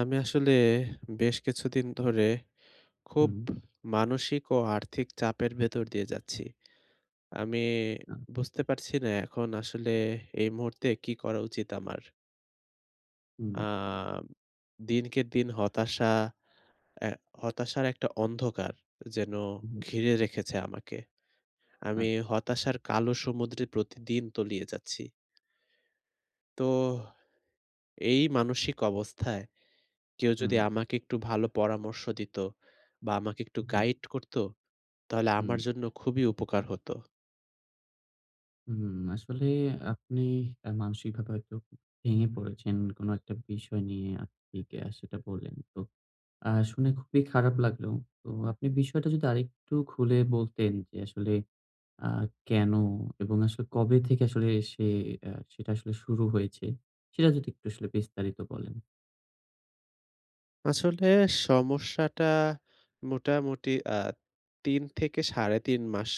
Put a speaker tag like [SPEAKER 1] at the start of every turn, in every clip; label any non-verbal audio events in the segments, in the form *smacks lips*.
[SPEAKER 1] আমি আসলে বেশ কিছুদিন ধরে খুব
[SPEAKER 2] হুম।
[SPEAKER 1] মানসিক ও আর্থিক চাপের ভেতর দিয়ে যাচ্ছি। আমি
[SPEAKER 2] *unintelligible*
[SPEAKER 1] বুঝতে পারছি না এখন আসলে এই মুহূর্তে কী করা উচিত আমার?
[SPEAKER 2] হুম।
[SPEAKER 1] আম দিনকে দিন হতাশা এ্যা হতাশার একটা অন্ধকার যেন
[SPEAKER 2] হুম।
[SPEAKER 1] ঘিরে রেখেছে আমাকে।
[SPEAKER 2] আ
[SPEAKER 1] আমি হতাশার কালো সমুদ্রে প্রতিদিন তলিয়ে যাচ্ছি। তো এই মানসিক অবস্থায় কেউ যদি
[SPEAKER 2] হুম।
[SPEAKER 1] আমাকে একটু ভালো পরামর্শ দিত বা আমাকে একটু
[SPEAKER 2] হুম।
[SPEAKER 1] গাইড করত তাহলে
[SPEAKER 2] হুম।
[SPEAKER 1] আমার জন্য খুবই উপকার হত।
[SPEAKER 2] হুম, আসলে আপনি আ মানসিকভাবে হয়তো ভেঙে পড়েছেন। কোন একটা বিষয় নিয়ে *unintelligible* সেটা বললেন। তো আ শুনে খুবই খারাপ লাগলো। তো আপনি বিষয়টা যদি আরেকটু খুলে বলতেন যে আসলে আ কেন এবং আসলে কবে থেকে আসলে সে আ সেটা আসলে শুরু হয়েছে সেটা যদি একটু আসলে বিস্তারিত বলেন।
[SPEAKER 1] আসলে সমস্যাটা মোটামুটি আ ৩ থেকে ৩.৫ মাস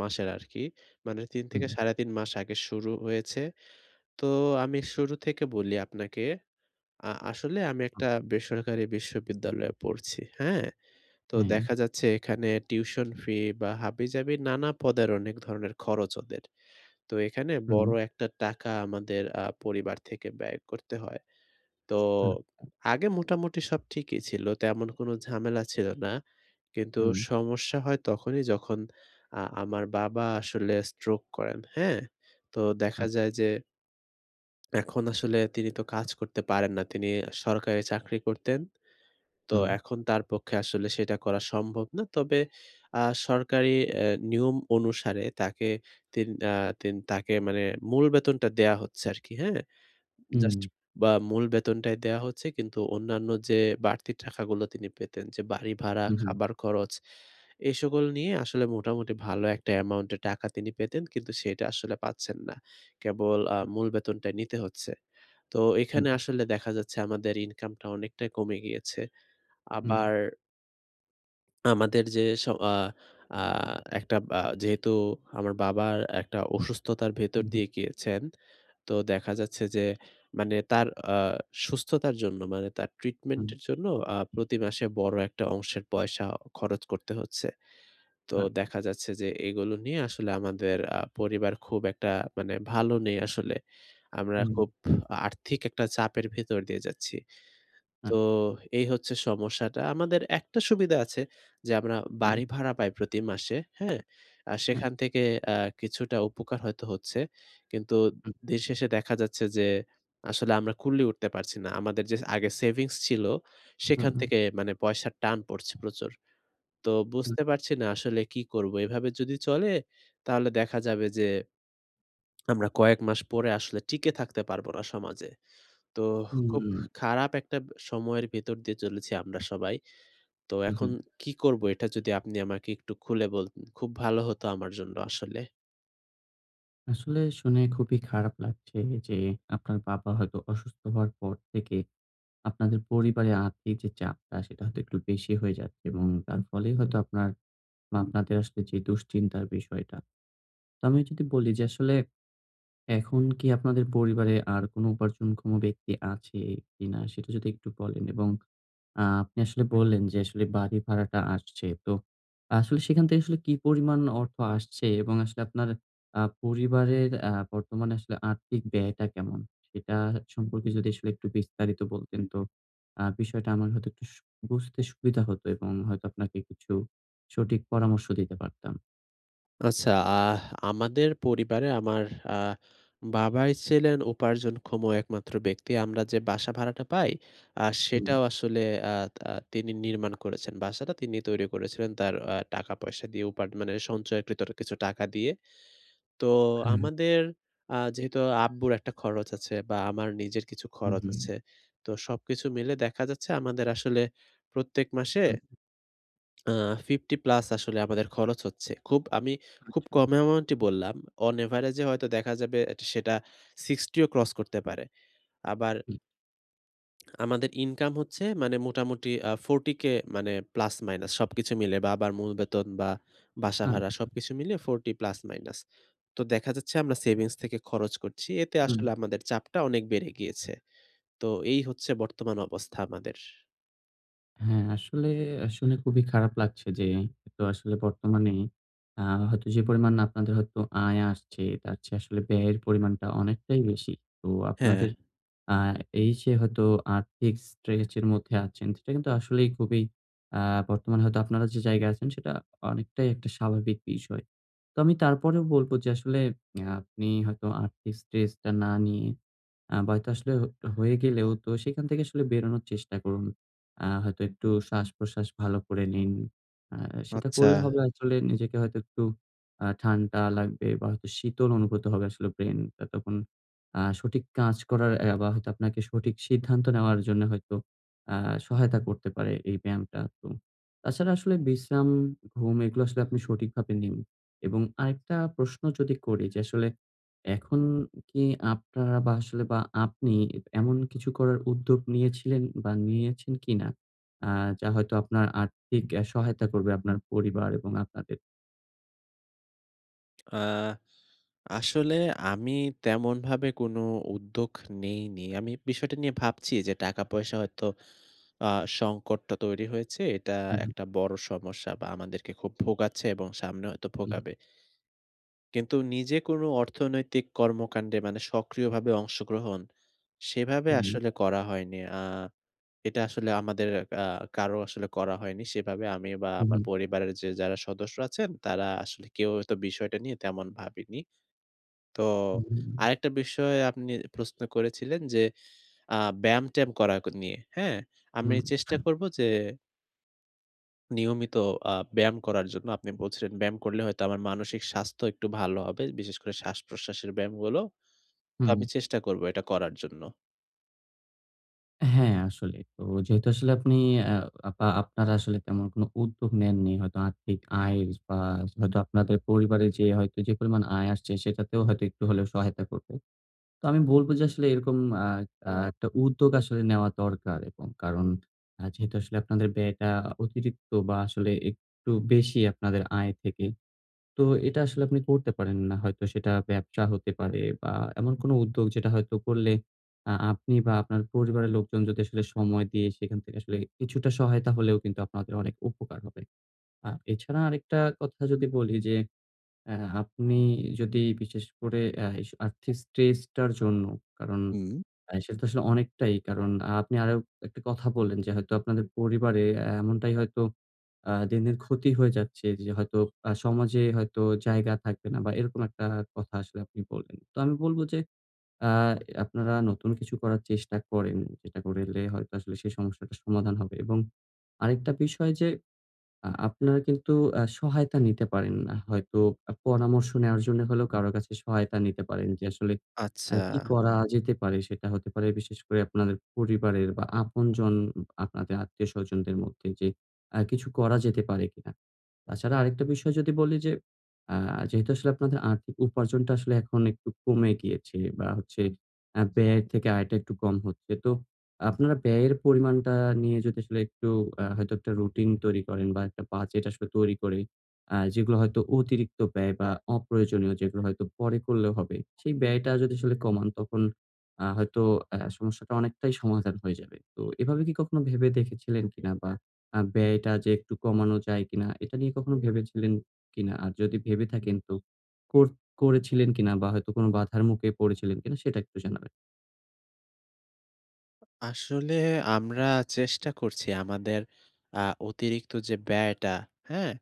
[SPEAKER 1] মাসের আরকি। মানে ৩
[SPEAKER 2] হুম।
[SPEAKER 1] থেকে ৩.৫ মাস আগে শুরু হয়েছে। তো আমি শুরু থেকে বলি আপনাকে আ আসলে আমি একটা
[SPEAKER 2] *unintelligible*
[SPEAKER 1] বেসরকারি বিশ্ববিদ্যালয়ে পড়ছি। হ্যাঁ? তো
[SPEAKER 2] হুম।
[SPEAKER 1] দেখা যাচ্ছে এখানে টিউশন ফি বা হাবিজাবি নানা পদের অনেক ধরনের খরচ ওদের। তো এখানে
[SPEAKER 2] হুম।
[SPEAKER 1] বড় একটা টাকা আমাদের আ পরিবার থেকে ব্যয় করতে হয়। তো
[SPEAKER 2] হুম।
[SPEAKER 1] আগে মোটামুটি সব ঠিকই ছিল। তেমন কোন ঝামেলা ছিল না। কিন্তু
[SPEAKER 2] হুম।
[SPEAKER 1] সমস্যা হয় তখনই যখন আ আমার বাবা আসলে স্ট্রোক করেন। হ্যাঁ? তো দেখা
[SPEAKER 2] আচ্ছা।
[SPEAKER 1] যায় যে এখন আসলে তিনি তো কাজ করতে পারেন না। তিনি সরকারি চাকরি করতেন। তো
[SPEAKER 2] হুম।
[SPEAKER 1] এখন তার পক্ষে আসলে সেটা করা সম্ভব না। তবে আ এ্যা সরকারি নিয়ম অনুসারে তাকে তিন আ তিন তাকে মানে মূল বেতনটা দেয়া হচ্ছে আরকি। হ্যাঁ? জাস্ট
[SPEAKER 2] হুম।
[SPEAKER 1] বা মূল বেতনটাই দেয়া হচ্ছে। কিন্তু অন্যান্য যে বাড়তি টাকাগুলো তিনি পেতেন, যে বাড়ি ভাড়া,
[SPEAKER 2] হু, হু।
[SPEAKER 1] খাবার খরচ এসকল নিয়ে আসলে মোটামুটি ভালো একটা অ্যামাউন্টের টাকা তিনি পেতেন। কিন্তু সেটা আসলে পাচ্ছেন না। কেবল আ মূল বেতনটা নিতে হচ্ছে। তো
[SPEAKER 2] হুম।
[SPEAKER 1] এখানে আসলে দেখা যাচ্ছে আমাদের ইনকামটা অনেকটাই কমে গিয়েছে।
[SPEAKER 2] হুম।
[SPEAKER 1] আবার আমাদের যে স আ আ একটা বা যেহেতু আমার বাবার একটা অসুস্থতার ভেতর
[SPEAKER 2] হুম, হুম।
[SPEAKER 1] দিয়ে গিয়েছেন, তো দেখা যাচ্ছে যে মানে তার আ সুস্থতার জন্য মানে তার ট্রিটমেন্ট
[SPEAKER 2] হুম।
[SPEAKER 1] এর জন্য। আ প্রতিমাসে বড় একটা অংশের পয়সা খরচ করতে হচ্ছে। তো
[SPEAKER 2] হ্যাঁ।
[SPEAKER 1] দেখা যাচ্ছে যে, এগুলো নিয়ে আসলে আমাদের আ পরিবার খুব একটা মানে ভালো নেই আসলে। আমরা
[SPEAKER 2] হুম।
[SPEAKER 1] খুব আর্থিক একটা চাপের ভেতর দিয়ে যাচ্ছি।
[SPEAKER 2] হ্যাঁ।
[SPEAKER 1] তো এই হচ্ছে সমস্যাটা। আমাদের একটা সুবিধা আছে যে আমরা
[SPEAKER 2] হুম।
[SPEAKER 1] বাড়ি ভাড়া পাই প্রতি মাসে, হ্যাঁ? আর
[SPEAKER 2] হুম।
[SPEAKER 1] সেখান থেকে অ্যা কিছুটা উপকার হয়তো হচ্ছে। কিন্তু
[SPEAKER 2] হুম।
[SPEAKER 1] দিনশেষে দেখা যাচ্ছে যে, আসলে আমরা কুলিয়ে উঠতে পারছি না। আমাদের যে আগে সেভিংস ছিল
[SPEAKER 2] হুম,
[SPEAKER 1] সেখান
[SPEAKER 2] হুম।
[SPEAKER 1] থেকে মানে পয়সার টান পড়ছে প্রচুর। তো
[SPEAKER 2] হুম।
[SPEAKER 1] বুঝতে পারছি না আসলে কি করব। এভাবে যদি চলে তাহলে দেখা যাবে যে আমরা কয়েক মাস পরে আসলে টিকে থাকতে পারব না সমাজে। তো খুব
[SPEAKER 2] হুম।
[SPEAKER 1] খারাপ একটা সময়ের ভেতর দিয়ে চলেছি আমরা সবাই। তো এখন
[SPEAKER 2] উহুম।
[SPEAKER 1] কি করব? এটা যদি আপনি আমাকে একটু খুলে বলতেন। খুব ভালো হতো আমার জন্য আসলে।
[SPEAKER 2] আসলে শুনে খুবই খারাপ লাগছে যে, আপনার বাবা হয়তো অসুস্থ হওয়ার পর থেকে আপনাদের পরিবারে আর্থিক যে চাপটা সেটা হয়তো একটু বেশি হয়ে যাচ্ছে এবং তার ফলেই হয়তো আপনার বা আপনাদের আসলে যে দুশ্চিন্তার বিষয়টা। তো আমি যদি বলি যে, আসলে এখন কি আপনাদের পরিবারে আর কোন উপার্জনক্ষম ব্যক্তি আছে কিনা সেটা যদি একটু বলেন এবং আ আপনি আসলে বললেন যে, আসলে বাড়ি ভাড়াটা আসছে। তো আসলে সেখান থেকে আসলে কি পরিমাণ অর্থ আসছে এবং আসলে আপনার আ পরিবারের আ বর্তমানে আসলে আর্থিক ব্যয়টা কেমন? সেটা সম্পর্কে যদি আসলে একটু বিস্তারিত বলতেন তো আ বিষয়টা আমার হয়তো একটু উস বুঝতে সুবিধা হতো এবং হয়তো আপনাকে কিছু সঠিক পরামর্শ দিতে পারতাম।
[SPEAKER 1] আচ্ছা, আহ আমাদের পরিবারে আমার আ বাবাই ছিলেন উপার্জনক্ষম একমাত্র ব্যক্তি। আমরা যে বাসা ভাড়াটা পাই আ
[SPEAKER 2] হুম।
[SPEAKER 1] সেটাও আসলে আ তা তিনি নির্মাণ করেছেন। বাসাটা তিনি তৈরি করেছিলেন তার আ টাকা-পয়সা দিয়ে উপা মানে সঞ্চয়কৃত কিছু টাকা দিয়ে। তো
[SPEAKER 2] হ্যাঁ।
[SPEAKER 1] আমাদের আ যেহেতু আব্বুর একটা খরচ আছে বা আমার নিজের কিছু
[SPEAKER 2] হুম,
[SPEAKER 1] খরচ
[SPEAKER 2] হুম।
[SPEAKER 1] আছে। তো সবকিছু মিলে দেখা যাচ্ছে আমাদের আসলে প্রত্যেক মাসে
[SPEAKER 2] হুম।
[SPEAKER 1] আ 50+ আসলে আমাদের খরচ হচ্ছে। খুব আমি খুব
[SPEAKER 2] আচ্ছা।
[SPEAKER 1] কম অ্যামাউন্টই বললাম। অন এভারেজ এ হয়তো দেখা যাবে সেটা 60 ও ক্রস করতে পারে। আবার
[SPEAKER 2] হুম।
[SPEAKER 1] *smacks lips* আমাদের ইনকাম হচ্ছে মানে মোটামুটি আ 40K মানে প্লাস মাইনাস সবকিছু মিলে বা আবার মূল বেতন বা বাসা ভাড়া
[SPEAKER 2] আচ্ছা।
[SPEAKER 1] সবকিছু মিলে 40 প্লাস মাইনাস। তো দেখা যাচ্ছে আমরা সেভিংস থেকে খরচ করছি এতে
[SPEAKER 2] উম
[SPEAKER 1] আসলে আমাদের চাপটা অনেক বেড়ে গিয়েছে। তো এই হচ্ছে বর্তমান অবস্থা আমাদের।
[SPEAKER 2] হ্যাঁ আসলে, আ শুনে খুবই খারাপ লাগছে যে একতো আসলে বর্তমানে আ হয়তো যে পরিমাণ আপনাদের হয়তো আয় আসছে, তার চেয়ে আসলে ব্যয়ের পরিমাণটা অনেকটাই বেশি। তো
[SPEAKER 1] হ্যাঁ।
[SPEAKER 2] আপনাদের আ এইযে হয়তো আর্থিক স্ট্রেচের মধ্যে আছেন। সেটা কিন্তু আসলেই খুবই আ বর্তমানে হয়তো আপনারা যে জায়গায় আছেন সেটা অনেকটাই একটা স্বাভাবিক বিষয়। তো আমি তারপরেও বলবো যে, আসলে অ্যা আপনি হয়তো আর্থিক স্ট্রেসটা না নিয়ে আ বা তা আসলেও একটা হয়ে গেলেও তো সেখান থেকে আসলে বেরোনোর চেষ্টা করুন। আ হয়তো একটু শ্বাস-প্রশ্বাস ভালো করে নিন। আ সেটা
[SPEAKER 1] আচ্ছা।
[SPEAKER 2] করলে হবে আসলে নিজেকে হয়তো একটু আ ঠান্ডা লাগবে বা হয়তো শীতল অনুভূত হবে আসলে ব্রেইনটা তখন। আ সঠিক কাজ করার অ্যা বা হয়তো আপনাকে সঠিক সিদ্ধান্ত নেওয়ার জন্য হয়তো অ্যা সহায়তা করতে পারে এই ব্যায়ামটা। তো তাছাড়া আসলে বিশ্রাম, ঘুম এগুলো আসলে আপনি সঠিকভাবে নিন এবং আরেকটা প্রশ্ন যদি করি যে আসলে এখন কি আপনারা বা আসলে বা আপনি এমন কিছু করার উদ্যোগ নিয়েছিলেন বা নিয়েছেন কিনা? আ যা হয়তো আপনার আর্থিক এ সহায়তা করবে আপনার পরিবার এবং আপনাদের।
[SPEAKER 1] আ আসলে আমি তেমনভাবে কোনো উদ্যোগ নেইনি। আমি বিষয়টা নিয়ে ভাবছি যে টাকা-পয়সা হয়তো আ সংকটটা তৈরি হয়েছে। এটা
[SPEAKER 2] হুম।
[SPEAKER 1] একটা বড় সমস্যা বা আমাদেরকে খুব ভোগাচ্ছে এবং সামনে হয়তো
[SPEAKER 2] উ হু।
[SPEAKER 1] ভোগাবে কিন্তু নিজে কোনো অর্থনৈতিক কর্মকাণ্ডে মানে সক্রিয়ভাবে অংশগ্রহণ সেভাবে
[SPEAKER 2] হুম।
[SPEAKER 1] আসলে করা হয়নি। আ এটা আসলে আমাদের আ কারো আসলে করা হয়নি। সেভাবে আমি বা
[SPEAKER 2] হু,
[SPEAKER 1] আমার
[SPEAKER 2] হু।
[SPEAKER 1] পরিবারের যে যারা সদস্য আছেন তারা আসলে কেউ তো বিষয়টা নিয়ে তেমন ভাবেনি। তো
[SPEAKER 2] হু, হুম।
[SPEAKER 1] আরেকটা বিষয় আপনি প্রশ্ন করেছিলেন যে আ ব্যায়াম-ট্যায়াম করা নিয়ে হ্যাঁ আমি
[SPEAKER 2] হুম।
[SPEAKER 1] চেষ্টা করব যে নিয়মিত আ ব্যায়াম করার জন্য আপনি বলছিলেন ব্যায়াম করলে হয়তো আমার মানসিক স্বাস্থ্য একটু ভালো হবে। বিশেষ করে শ্বাসপ্রশ্বাসের ব্যায়ামগুলো। তো আমি
[SPEAKER 2] হুম।
[SPEAKER 1] চেষ্টা করব এটা করার জন্য।
[SPEAKER 2] হ্যাঁ আসলে। তো যেহেতু আসলে আপনি আ বা আপনারা আসলে তেমন কোনো উদ্যোগ নেননি। হয়তো আর্থিক আয় বা হয়তো আপনাদের পরিবারে যে হয়তো যে পরিমাণ আয় আসছে সেটাতেও হয়তো একটু হলেও সহায়তা করবে। তো আমি বলব যে আসলে এরকম আ আ একটা উদ্যোগ আসলে নেওয়া দরকার এবং কারণ আ যেহেতু আসলে আপনাদের ব্যয়টা অতিরিক্ত বা আসলে একটু বেশি আপনাদের আয় থেকে তো এটা আসলে আপনি করতে পারেন না। হয়তো সেটা ব্যবসা হতে পারে বা এমন কোনো উদ্যোগ যেটা হয়তো করলে আ আপনি বা আপনার পরিবারের লোকজন যদি আসলে সময় দিয়ে সেখান থেকে আসলে কিছুটা সহায়তা হলেও কিন্তু আপনাদের অনেক উপকার হবে। আ এছাড়া আরেকটা কথা যদি বলি যে অ্যা আপনি যদি বিশেষ করে এ্যাস আর্থিক স্ট্রেসটার জন্য কারণ
[SPEAKER 1] হুম।
[SPEAKER 2] আ সেটা তো আসলে অনেকটাই কারণ আপনি আরও একটা কথা বললেন যে হয়তো আপনাদের পরিবারে এমনটাই হয়তো আ দিন, দিন ক্ষতি হয়ে যাচ্ছে যে হয়তো আ সমাজে হয়তো জায়গা থাকবে না বা এরকম একটা কথা আসলে আপনি বললেন। তো আমি বলব যে আ এ আপনারা নতুন কিছু করার চেষ্টা করেন যেটা করলে হয়তো আসলে সেই সমস্যাটার সমাধান হবে এবং আরেকটা বিষয় যে আ আপনারা কিন্তু আ সহায়তা নিতে পারেন না। হয়তো অ পরামর্শ নেওয়ার জন্য হলেও কারো কাছে সহায়তা নিতে পারেন যে আসলে আ কি
[SPEAKER 1] আচ্ছা।
[SPEAKER 2] করা যেতে পারে সেটা হতে পারে বিশেষ করে আপনার পরিবারের বা আপনজন আপনাদের আত্মীয়স্বজনদের মধ্যে যে আ কিছু করা যেতে পারে কিনা। তাছাড়া আরেকটা বিষয় যদি বলি যে অ্যা যেহেতু আসলে আপনাদের আর্থিক উপার্জনটা আসলে এখন একটু কমে গিয়েছে বা হচ্ছে আ ব্যয়ের থেকে আয়টা একটু কম হচ্ছে। তো আপনারা ব্যয়ের পরিমাণটা নিয়ে যদি আসলে একটু আ হয়তো একটা রুটিন তৈরি করেন বা একটা বাজেট আসলে তৈরি করে আ যেগুলো হয়তো অতিরিক্ত ব্যয় বা অপ্রয়োজনীয় যেগুলো হয়তো পরে করলে হবে। সেই ব্যয়টা যদি আসলে কমান তখন আ হয়তো অ্যা সমস্যাটা অনেকটাই সমাধান হয়ে যাবে। তো এভাবে কি কখনো ভেবে দেখেছিলেন কিনা বা আ ব্যয়টা যে একটু কমানো যায় কিনা এটা নিয়ে কখনো ভেবেছিলেন কিনা? আর যদি ভেবে থাকেন তো কর করেছিলেন কিনা বা হয়তো কোনো বাধার মুখে পড়েছিলেন কিনা সেটা একটু জানাবেন।
[SPEAKER 1] আসলে আমরা চেষ্টা করছি আমাদের আ অতিরিক্ত যে ব্যয়টা, হ্যাঁ?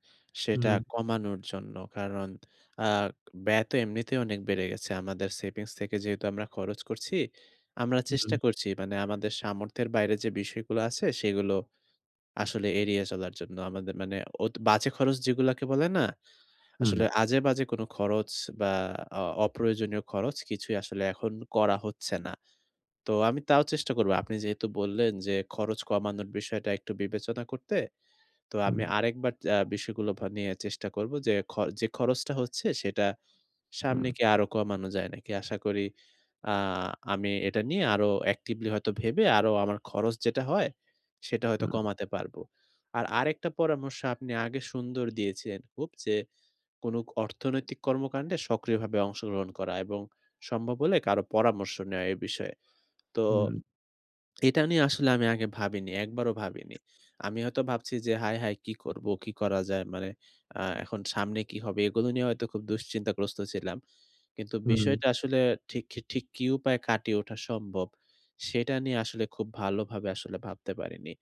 [SPEAKER 2] হুম,
[SPEAKER 1] সেটা
[SPEAKER 2] হুম।
[SPEAKER 1] কমানোর জন্য। কারণ আ ব্যয় তো এমনিতেই অনেক বেড়ে গেছে। আমাদের সেভিংস থেকে যেহেতু আমরা খরচ করছি, আমরা
[SPEAKER 2] হুম, হুম।
[SPEAKER 1] চেষ্টা করছি মানে আমাদের সামর্থ্যের বাইরে যে বিষয়গুলো আছে, সেগুলো আসলে এড়িয়ে চলার জন্য। আমাদের মানে অত বাজে খরচ যেগুলোকে বলে না? আসলে
[SPEAKER 2] হুম।
[SPEAKER 1] আজেবাজে কোন খরচ বা অ অপ্রয়োজনীয় খরচ কিছুই আসলে এখন করা হচ্ছে না। তো আমি তাও চেষ্টা করব। আপনি যেহেতু বললেন যে, খরচ কমানোর বিষয়টা একটু বিবেচনা করতে। তো আমি
[SPEAKER 2] হুম।
[SPEAKER 1] আরেকবার আ বিষয়গুলো নিয়ে চেষ্টা করব যে, যে খরচটা হচ্ছে, সেটা সামনে
[SPEAKER 2] হুম।
[SPEAKER 1] কি আরো কমানো যায় নাকি? আশা করি আ আমি এটা নিয়ে আরো অ্যাক্টিভলি হয়তো ভেবে আরো আমার খরচ যেটা হয়, সেটা হয়তো
[SPEAKER 2] হুম।
[SPEAKER 1] কমাতে পারবো। আর আরেকটা পরামর্শ আপনি আগে সুন্দর দিয়েছেন হপ যে, কোন অর্থনৈতিক কর্মকাণ্ডে সক্রিয়ভাবে অংশগ্রহণ করা এবং সম্ভব হলে কারো পরামর্শ নেওয়া এ বিষয়ে। তো
[SPEAKER 2] হুম।
[SPEAKER 1] এটা নিয়ে আসলে আমি আগে ভাবিনি। একবারও ভাবিনি। আমি হয়তো ভাবছি যে হায়, হায় কি করব, কি করা যায়? মানে আ এখন সামনে কি হবে? এগুলো নিয়ে হয়তো খুব দুশ্চিন্তাগ্রস্ত ছিলাম। কিন্তু
[SPEAKER 2] হুম।
[SPEAKER 1] বিষয়টা আসলে ঠিক কি ঠিক কী উপায়ে কাটিয়ে ওঠা সম্ভব? সেটা নিয়ে আসলে খুব ভালোভাবে আসলে ভাবতে পারিনি।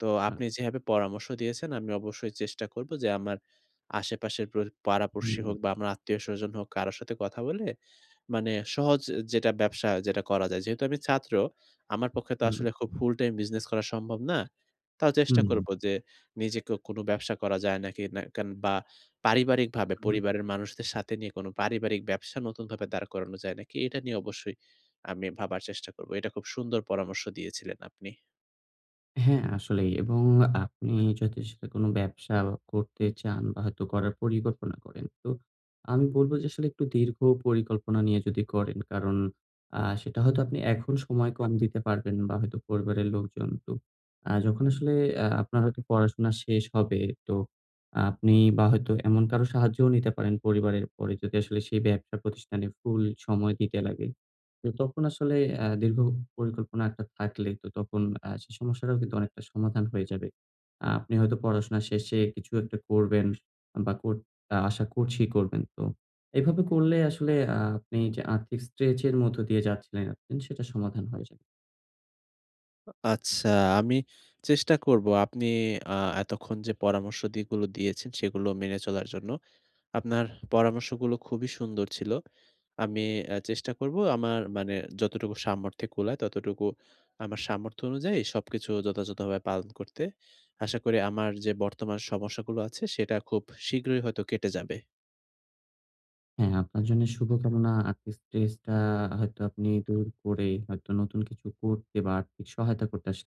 [SPEAKER 1] তো
[SPEAKER 2] হ্যাঁ।
[SPEAKER 1] আপনি যেভাবে পরামর্শ দিয়েছেন, আমি অবশ্যই চেষ্টা করব যে, আমার আশেপাশের প্র পাড়াপর্শী হোক
[SPEAKER 2] হুম।
[SPEAKER 1] বা আমার আত্মীয়স্বজন হোক, কারো সাথে কথা বলে, মানে সহজ যেটা ব্যবসা যেটা করা যায়। যেহেতু আমি ছাত্র, আমার পক্ষে তো
[SPEAKER 2] হুম।
[SPEAKER 1] আসলে খুব ফুলটাইম বিজনেস করা সম্ভব না। তাও চেষ্টা করব
[SPEAKER 2] হুম।
[SPEAKER 1] যে, নিজেকেও কোন ব্যবসা করা যায় নাকি? না কেন বা পারিবারিকভাবে
[SPEAKER 2] হুম, হুম।
[SPEAKER 1] পরিবারের মানুষদের সাথে নিয়ে, কোনো পারিবারিক ব্যবসা নতুনভাবে দাঁড় করানো যায় নাকি, এটা নিয়ে অবশ্যই আমি ভাবার চেষ্টা করব। এটা খুব সুন্দর পরামর্শ দিয়েছিলেন আপনি।
[SPEAKER 2] হ্যাঁ, আসলেই এবং আপনি যদি সেটা কোন ব্যবসা করতে চান বা হয়তো করার পরিকল্পনা করেন। তো আমি বলব যে, আসলে একটু দীর্ঘ পরিকল্পনা নিয়ে যদি করেন কারণ আ সেটা হয়তো আপনি এখন সময় কম দিতে পারবেন বা হয়তো পরিবারের লোকজন তো আ যখন আসলে আ আপনার হয়তো পড়াশোনা শেষ হবে তো আপনি বা হয়তো এমন কারোর সাহায্যও নিতে পারেন পরিবারের পরে যদি আসলে সেই ব্যবসা প্রতিষ্ঠানে ফুল সময় দিতে লাগে। তো তখন আসলে অ্যা দীর্ঘ পরিকল্পনা একটা থাকলে তো তখন আ সেই সমস্যাটাও কিন্তু অনেকটা সমাধান হয়ে যাবে। আপনি হয়তো পড়াশোনা শেষে কিছু একটা করবেন বা কর আশা করছি করবেন। তো এভাবে করলে আসলে আপনি যে আর্থিক স্ট্রেচ এর মধ্যে দিয়ে যাচ্ছিলেন সেটা সমাধান হয়ে যাবে।
[SPEAKER 1] আচ্ছা, আমি চেষ্টা করব আপনি আ এতক্ষণ যে পরামর্শ যেগুলো দিয়েছেন সেগুলো মেনে চলার জন্য। আপনার পরামর্শগুলো খুবই সুন্দর ছিল। আমি এ চেষ্টা করব আমার মানে যতটুকু সামর্থ্যে কুলায় ততটুকু আমার সামর্থ্য অনুযায়ী সবকিছু যথাযথ ভাবে পালন করতে। আশা করি আমার যে বর্তমান সমস্যাগুলো আছে সেটা খুব শীঘ্রই হয়তো কেটে যাবে।
[SPEAKER 2] হ্যাঁ, আপনার জন্য শুভকামনা আর্থিক স্ট্রেস টা হয়তো আপনি দূর করে হয়তো নতুন কিছু করতে বা আর্থিক সহায়তা করতে আস